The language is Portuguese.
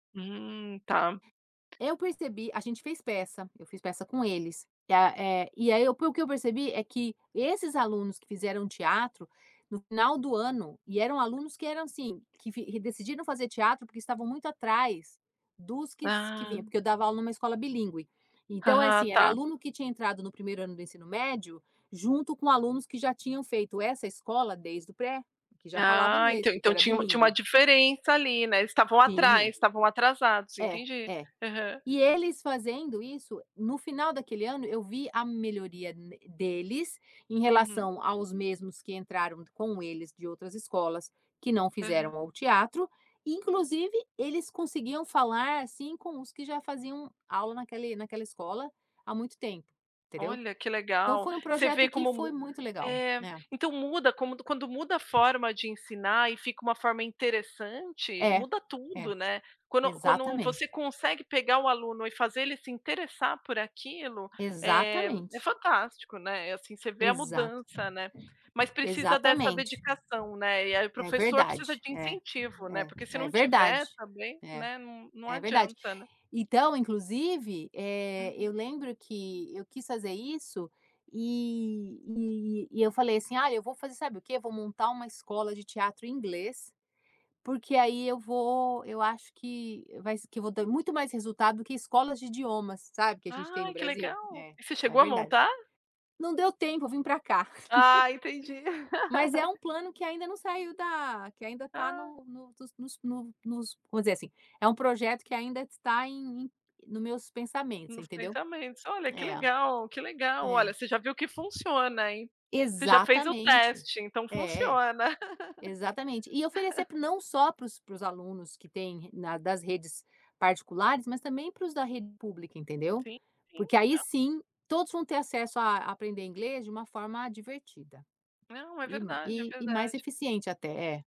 Hum. Tá. Eu percebi a gente fez peça. Eu fiz peça com eles. E, a eh, e aí, eu, pelo que eu percebi, é que esses alunos que fizeram teatro no final do ano, e eram alunos que eram, assim, que vi que decidiram fazer teatro, porque estavam muito atrás dos que s que vinha. Ah. Porque eu dava aula numa escola bilíngue. Então, é Ah, assim: era tá. aluno que tinham entrado no 1º ano do ensino médio junto com alunos que já tinham feito essa escola desde o pré, que já falavam Ah, então inglês, porque então, era tinha tinha uma bilíngue. diferença ali, né. Eles estavam atrás, Tinha. estavam atrasados. É, Entendi. é. Aham. E, eles fazendo isso, no final daquele ano, eu vi a melhoria n deles em Uhum. relação aos mesmos que entraram com eles de outras escolas que não Aham. fizeram ao teatro. Inclusive, eles conseguiam falar, assim, com os que já faziam aula naquele naquela escola há muito tempo, entendeu? Olha, que Então, legal. foi um Você vê projeto que como foi mu muito legal, É. né. Então, muda como du quan quando muda a forma de ensinar e fica uma forma interessante, É, muda tudo, é. né? Quando quando você Exatamente. consegue pegar o aluno e fazer ele se interessar por aquilo, eh, é Exatamente. fantástico, né? É assim, você vê a Exato. mudança, né. Mas precisa dessa Exatamente. dedicação, né. E, é, É professor precisa verdade. de É. incentivo, né, É. porque, se É não tiver verdade. também, É. né, n não É verdade. adianta, né. Então, inclusive, eh, Uhum. eu lembro que eu quis fazer isso e e e Eu falei, assim: “Ah, eu vou fazer sabe o quê? Eu vou montar uma escola de teatro em inglês, porque aí eu vou eu acho que e vai se que eu vou ter muito mais resultado do que escolas de idiomas", sabe, que a gente tem no Ai, que Brasil? legal! É. Evocê É chegou a verdade. montar? Não deu tempo, eu vim pra cá. Ah, entendi. Mas é um plano que ainda não saiu da que ainda tá Ah. no no nos no nos vamos dizer assim: é um projeto que ainda está em em no meus pensamentos, você Nos entendeu? pensamentos. Olha, que É. legal! Que legal! É. Olha, você já viu que funciona, hein. Você já fez o Exatamente. teste, então, É. funciona. Exatamente. E oferecer p, não só para os, para os alunos que têm, na, das redes particulares mas, também, para os da rede pública. Entendeu? Sim. Sim. Porque, aí, N sim, todos vão ter acesso a aprender inglês de uma forma divertida. Não, é E, verdade. É m mais verdade. eficiente, até. É.